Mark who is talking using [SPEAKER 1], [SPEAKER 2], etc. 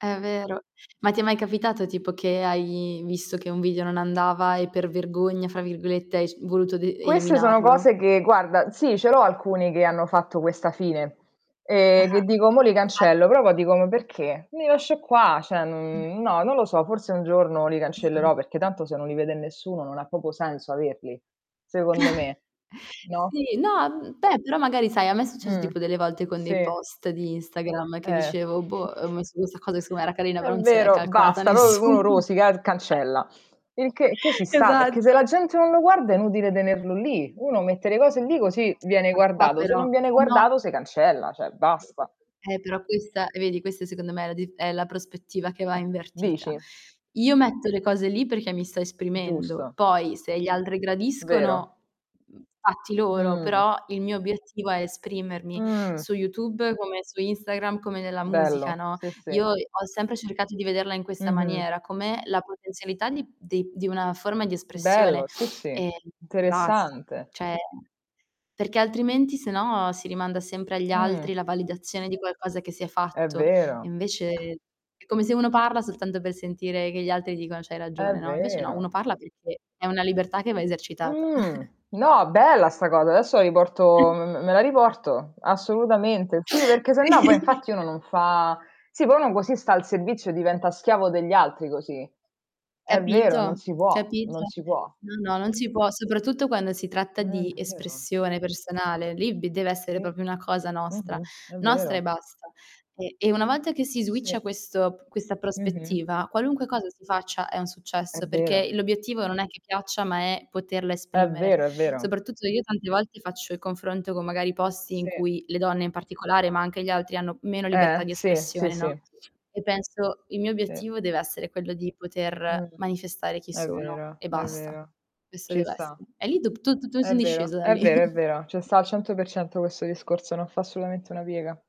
[SPEAKER 1] È vero. Ma ti è mai capitato tipo che hai visto che un video non andava e per "vergogna", fra virgolette, hai sc voluto d
[SPEAKER 2] Queste sono
[SPEAKER 1] eliminarlo?
[SPEAKER 2] cose che guarda sì ce l'ho alcuni che hanno fatto questa fine, ehm, che
[SPEAKER 1] Ah-ah.
[SPEAKER 2] dico: "Mò li
[SPEAKER 1] [unintelligible]
[SPEAKER 2] cancello". Però poi dico: "Ma perché? Li lascio qua". Cioè
[SPEAKER 1] [unintelligible]
[SPEAKER 2] non no, non lo so, forse un giorno li
[SPEAKER 1] Esatto.
[SPEAKER 2] cancellerò, perché tanto se non li vede nessuno, non ha proprio senso averli? Secondo me, no?
[SPEAKER 1] Sì, no, mhmm, beh però magari sai a me è successo
[SPEAKER 2] Mh.
[SPEAKER 1] tipo delle volte con dei
[SPEAKER 2] Sì.
[SPEAKER 1] post di Instagram, che
[SPEAKER 2] Eh.
[SPEAKER 1] dicevo: "Boh, ho messo questa cosa che seco me era carina,
[SPEAKER 2] È
[SPEAKER 1] però non se l'è
[SPEAKER 2] vero,
[SPEAKER 1] calcolata
[SPEAKER 2] basta, uno
[SPEAKER 1] nessun"
[SPEAKER 2] rosica e r cancella. Il che che ci sta, perché se
[SPEAKER 1] Esatto.
[SPEAKER 2] la gente non lo guarda è inutile tenerlo lì. Uno mette le cose lì, così viene
[SPEAKER 1] [unintelligible]
[SPEAKER 2] guardato, se
[SPEAKER 1] però,
[SPEAKER 2] non viene
[SPEAKER 1] eh no.
[SPEAKER 2] guardato se cancella, cioè basta.
[SPEAKER 1] Eh però questa e vedi questa secondo me è la dif è la prospettiva che va
[SPEAKER 2] Eh,
[SPEAKER 1] invertita.
[SPEAKER 2] dici?
[SPEAKER 1] Io metto le cose lì perché mi sto esprimendo,
[SPEAKER 2] Giusto.
[SPEAKER 1] poi se gli altri
[SPEAKER 2] Vero.
[SPEAKER 1] gradiscono, mhmm, fatti loro,
[SPEAKER 2] Mh.
[SPEAKER 1] però il mio obiettivo è esprimermi
[SPEAKER 2] Mh.
[SPEAKER 1] su YouTube, come su Instagram, come nella musica,
[SPEAKER 2] Bello,
[SPEAKER 1] no,
[SPEAKER 2] sì,
[SPEAKER 1] io,
[SPEAKER 2] sì.
[SPEAKER 1] ehm, ho sempre cercato di vederla in questa
[SPEAKER 2] Mh-mh.
[SPEAKER 1] maniera, come la potenzialità di de di una forma di espressione
[SPEAKER 2] Bello, sì, sì,
[SPEAKER 1] e e basta.
[SPEAKER 2] interessante.
[SPEAKER 1] Cioè, perché altrimenti sennò si rimanda sempre agli altri
[SPEAKER 2] Mh.
[SPEAKER 1] la validazione di qualcosa che si è
[SPEAKER 2] È
[SPEAKER 1] fatto, e
[SPEAKER 2] vero.
[SPEAKER 1] invece è come se uno parla soltanto per sentire che gli altri dicono: "C'hai
[SPEAKER 2] È
[SPEAKER 1] ragione", no, e invece no, uno
[SPEAKER 2] vero.
[SPEAKER 1] parla perché è una libertà che va esercitata.
[SPEAKER 2] Mh. No, bella 'sta cosa. Adesso la riporto m m me la riporto. Assolutamente. Sì, perché
[SPEAKER 1] Sì.
[SPEAKER 2] sennò poi infatti uno non fa sì, poi uno così sta al servizio e diventa schiavo degli altri così. È vero, non
[SPEAKER 1] Capito,
[SPEAKER 2] si può. Non
[SPEAKER 1] capito?
[SPEAKER 2] si può.
[SPEAKER 1] No, no, non ci può soprattutto quando si tratta
[SPEAKER 2] È
[SPEAKER 1] di
[SPEAKER 2] vero.
[SPEAKER 1] espressione personale, lì b deve essere
[SPEAKER 2] Sì,
[SPEAKER 1] proprio una cosa nostra,
[SPEAKER 2] mh-mh, è
[SPEAKER 1] nostra e
[SPEAKER 2] vero.
[SPEAKER 1] basta, e e una volta che si
[SPEAKER 2] Sì.
[SPEAKER 1] switcha questo p questa
[SPEAKER 2] Mh-mh.
[SPEAKER 1] prospettiva qualunque cosa si faccia è un
[SPEAKER 2] È
[SPEAKER 1] successo, perché
[SPEAKER 2] vero.
[SPEAKER 1] l'obiettivo non è che piaccia, ma è poterla
[SPEAKER 2] È
[SPEAKER 1] esprimere.
[SPEAKER 2] vero, è vero.
[SPEAKER 1] Soprattutto io tante volte faccio il confronto con magari posti in
[SPEAKER 2] Sì.
[SPEAKER 1] cui, le donne in particolare, ma anche gli altri, hanno meno
[SPEAKER 2] Eh,
[SPEAKER 1] libertà di
[SPEAKER 2] sì. Sì,
[SPEAKER 1] espressione, no,
[SPEAKER 2] sì.
[SPEAKER 1] e penso: "Il mio
[SPEAKER 2] Sì.
[SPEAKER 1] obiettivo dev'essere quello di poter
[SPEAKER 2] Mh.
[SPEAKER 1] manifestare chi
[SPEAKER 2] È
[SPEAKER 1] sono
[SPEAKER 2] vero,
[SPEAKER 1] e
[SPEAKER 2] è
[SPEAKER 1] basta".
[SPEAKER 2] vero.
[SPEAKER 1] Questo
[SPEAKER 2] Ci sta.
[SPEAKER 1] dev'essere. E lì dopo tut tutto
[SPEAKER 2] È
[SPEAKER 1] in
[SPEAKER 2] vero,
[SPEAKER 1] discesa da
[SPEAKER 2] è
[SPEAKER 1] lì.
[SPEAKER 2] vero, è vero. Ce sta al 100% questo discorso, non fa assolutamente una piega.